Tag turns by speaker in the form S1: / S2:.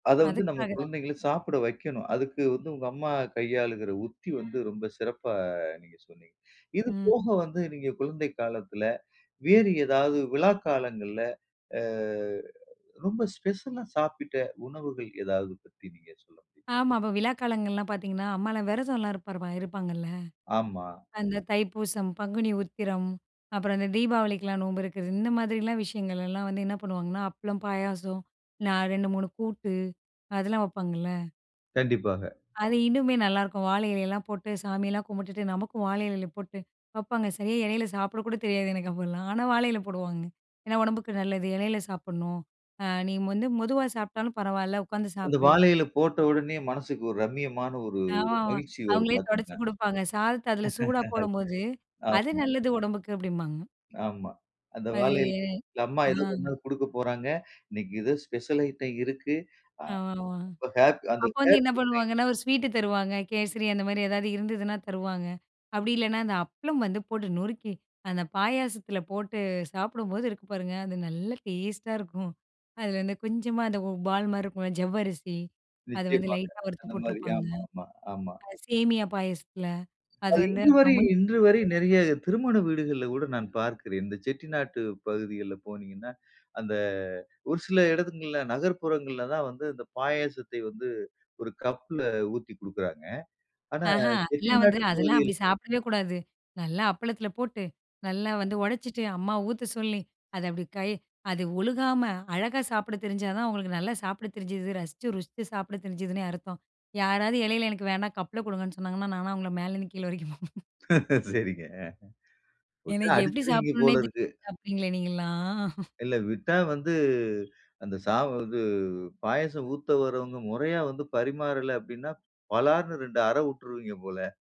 S1: அதை வந்து, நம்ம
S2: அதுக்காக தான்.
S1: குழந்தைகள சாப்பிட வைக்கணும். அதுக்கு வந்து, உங்கம்மா கையாளுகிற உத்தி வந்து ரொம்ப சிறப்பா நீங்க சொன்னீங்க. இது போக
S2: ம்.
S1: வந்து, நீங்க குழந்தை காலத்தில வேறு ஏதாவது விழா காலங்கள்ல ஆ ரொம்ப ஸ்பெஷலா சாப்பிட்ட உணவுகள், எதாவது பத்தி நீங்க சொல்ல முடியுமா?
S2: ஆமா. அப்ப விழா காலங்கள்லாம் பார்த்தீங்கன்னா, அம்மாலாம் விரதம்லாம் இருப்பார் இருப்பாங்கல்ல,
S1: ஆமா.
S2: அந்த தைப்பூசம், பங்குனி உத்திரம், அப்புறம் அந்த தீபாவளிக்கெல்லாம் நோம்பு இருக்கிறது, இந்த மாதிரிலாம் விஷயங்கள்லாம் வந்து என்ன பண்ணுவாங்கன்னா, அப்பளம், பாயாசம், நா 2 3 கூட்டு அதெல்லாம் வப்பாங்கல்ல.
S1: கண்டிப்பாக.
S2: அது இன்னுமே நல்லாயிருக்கும். வாழை இலையலாம் போட்டு, சாமியெல்லாம் கும்பிட்டுட்டு, நமக்கும் வாழை இலையில போட்டு வப்பாங்க. சரியா இலையில சாப்பிட கூட தெரியாது எனக்கு அப்பலாம். ஆனா, வாழை இலை போடுவாங்க. ஏன்னா, உடம்புக்கு நல்லது இலையில சாப்பிடணும், அ "நீ வந்து மெதுவா சாப்பிட்டாலும் பரவாயில்ல உட்காந்து
S1: அந்த
S2: சாப்பிடு."
S1: வாழை இலை போட்ட உடனே மனசுக்கு ஒரு ரம்மியமான ஒரு
S2: ஆ
S1: மகிழ்ச்சி வரும்
S2: அவங்களே துடைச்சு
S1: பார்த்தீங்களா.
S2: கொடுப்பாங்க. சாதத்த, அதில சூடா போடும்போது, "அது
S1: ஆமா.
S2: நல்லது உடம்புக்கு." அப்படிம்பாங்க.
S1: ஆமா. அந்த
S2: அது.
S1: வாழையில அம்மா
S2: ஆ.
S1: ஏதோ கொண்டுவந்து குடுக்க போறாங்க. இன்னைக்கு ஏதோ ஸ்பெஷல் ஐட்டம் இருக்கு,
S2: ஆ,
S1: ஆம அப்ப ஹேப்பி, அந்த
S2: அப்ப வந்து
S1: ஹேப்பி
S2: என்ன
S1: மைண்டு.
S2: பண்ணுவாங்கன்னா, ஒரு ஸ்வீட் தருவாங்க. கேசரி, அந்த மாரி ஏதாவது இருந்ததுனா தருவாங்க. அப்படி இல்லைனா, அந்த அப்பளம் வந்து போட்டு நொறுக்கி, அந்த பாயாசத்துல போட்டு சாப்பிடும்போது இருக்கு பாருங்க அது நல்ல டேஸ்ட்டா இருக்கும். அதில வந்து கொஞ்சமா அந்த பால் மாரி இருக்கும்ல ஜவ்வரிசி, அதை வந்து
S1: நிச்சயமாக.
S2: லைட்டா வறுத்து
S1: அந்த மாரி.
S2: போட்டிருப்பாங்க.
S1: ஆமாமா, ஆமா.
S2: சேமியா பாயசத்தில, அது
S1: அது
S2: வந்து
S1: இன்று வரை
S2: அப்றம் மு
S1: இன்று வரை
S2: [unintelligible]
S1: நிறைய திருமண வீடுகள்ல கூட நான் பார்க்கிறேன். இந்த செட்டிநாட்டு பகுதிகள்ல போனீங்கன்னா, அந்த ஒரு சில இடங்கள்ல நகர்ப்புறங்கள்ல தான் வந்து இந்த பாயாசத்தை வந்து, ஒரு கப்ல ஊத்தி குடுக்கிறாங்க. ஆனா,
S2: ஆஹ அதெல்லாம் வந்து,
S1: செட்டிநாட்டு
S2: அதெல்லாம்
S1: பகுதியில்.
S2: அப்படி சாப்பிடவே கூடாது. நல்லா அப்பளத்தில போட்டு, நல்லா வந்து உடைச்சிட்டு அம்மா ஊத்த சொல்லி, அதை அப்படி கை அது ஒழுகாம, அழகா சாப்பிட தெரிஞ்சா தான் அவங்களுக்கு நல்லா சாப்பிடத் தெரிஞ்சுது ரசிச்சு, ருசித்து சாப்பிட தெரிஞ்சிதுன்னே அர்த்தம். யாராவது இலையில எனக்கு வேணா கப்பில கொடுங்கன்னு சொன்னாங்கன்னா, நானா அவங்களை மேலேருந்து கீழ வரைக்கும் பார்ப்பேன்.
S1: சரிங்க ஆ. விட்டா
S2: எனக்கு எப்படி சாப்பிடணுன்னே,
S1: அடிச்சுருவீங்கபோல இருக்கு.
S2: தெரியாது சாப்பிட்டீங்களே நீங்கள்லாம்?
S1: இல்ல, விட்டா வந்து அந்த சா வந்து பாயாசம் ஊத்த வரவங்க முறையா வந்து பரிமாறல அப்படின்னா, பளார்ன்னு 2 அறை விட்ருவீங்க போல.